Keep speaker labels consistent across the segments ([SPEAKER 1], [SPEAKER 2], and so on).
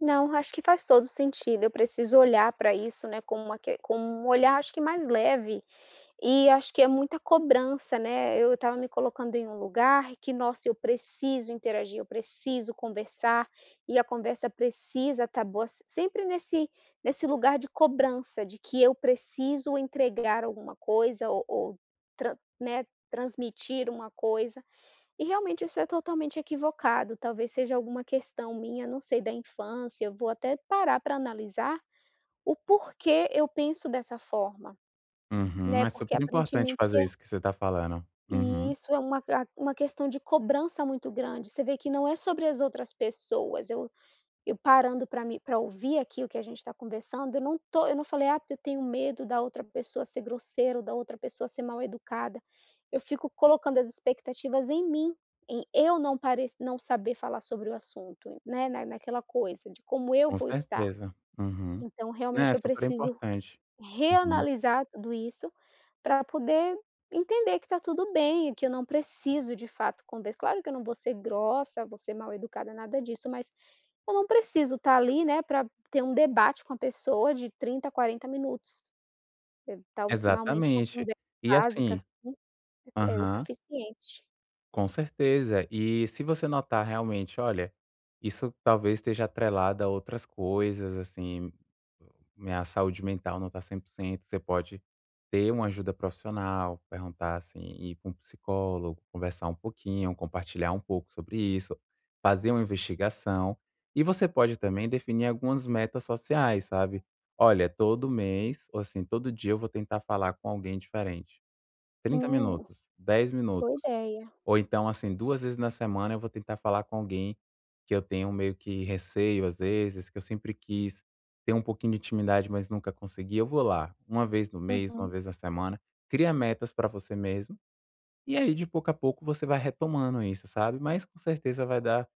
[SPEAKER 1] Não, acho que faz todo o sentido, eu preciso olhar pra isso, né, com uma que com um olhar, acho que mais leve, e acho que é muita cobrança, né, eu estava me colocando em um lugar em que, nossa, eu preciso interagir, eu preciso conversar, e a conversa precisa tá boa sempre, nesse nesse lugar de cobrança de que eu preciso entregar alguma coisa ou ou tran né, transmitir um coisa, e realmente isso é totalmente equivocado, talvez seja alguma questão minha, não sei, da infância. Eu vou até parar para analisar o porquê eu penso dessa forma,
[SPEAKER 2] Uhum,
[SPEAKER 1] né,
[SPEAKER 2] é
[SPEAKER 1] porque
[SPEAKER 2] super importante
[SPEAKER 1] aparentemente
[SPEAKER 2] fazer
[SPEAKER 1] é
[SPEAKER 2] isso que você está falando.
[SPEAKER 1] E
[SPEAKER 2] Uhum.
[SPEAKER 1] isso é uma uma questão de cobrança muito grande, você vê que não é sobre as outras pessoas, eu eu parando pra me pra ouvir aquilo que a gente está conversando eu não tô eu não falei: "Ah, eu tenho medo da outra pessoa ser grosseira ou da outra pessoa ser mal educada." Eu fico colocando as expectativas em mim em eu não parec não saber falar sobre o assunto, né, naquela coisa como eu
[SPEAKER 2] Com
[SPEAKER 1] vou estar,
[SPEAKER 2] certeza, uhum.
[SPEAKER 1] então
[SPEAKER 2] É
[SPEAKER 1] realmente
[SPEAKER 2] é
[SPEAKER 1] eu
[SPEAKER 2] super
[SPEAKER 1] preciso
[SPEAKER 2] importante, uhum.
[SPEAKER 1] reanalisar tudo isso para poder entender que está tudo bem, que eu não preciso de fato, conver claro que eu não vou ser grossa vou ser mal educada nada disso, mas eu não preciso tá ali, né, para ter um debate com a pessoa de 30, 40 minutos. Evitar um finalmente uma
[SPEAKER 2] Exatamente,
[SPEAKER 1] conversa
[SPEAKER 2] e
[SPEAKER 1] básica
[SPEAKER 2] assim
[SPEAKER 1] assim é é o
[SPEAKER 2] Aham.
[SPEAKER 1] suficiente.
[SPEAKER 2] Com certeza, e se você notar realmente, olha, isso talvez esteja atrelada a outras coisas, assim, minha saúde mental não tá 100%, você pode ter um ajuda profissional, perguntar assim, ir com psicólogo, conversar um pouquinho, compartilhar um pouco sobre isso, fazer um investigação, e você pode também definir algumas metas sociais, sabe, olha: "Todo mês ou assim todo dia eu vou tentar falar com alguém diferente, 30
[SPEAKER 1] Hum,
[SPEAKER 2] minutos, 10
[SPEAKER 1] boa
[SPEAKER 2] minutos,
[SPEAKER 1] ideia.
[SPEAKER 2] ou então assim, 2 vezes na semana eu vou tentar falar com alguém que eu tenho meio que receio às vezes, que eu sempre quis ter um pouquinho de intimidade, mas nunca consegui, eu vou lá," uma vez no mês, uma
[SPEAKER 1] Uhum.
[SPEAKER 2] vez na semana, cria metas pra você mesmo. E aí de pouco a pouco você vai retomando isso, sabe, mas com certeza vai dar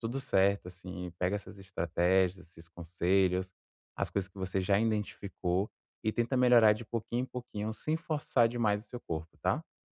[SPEAKER 2] tudo certo assim, pega essas estratégias, esses conselhos, as coisas que você já identificou e tenta melhorar de pouquinho em pouquinho sem forçar demais o seu corpo, tá.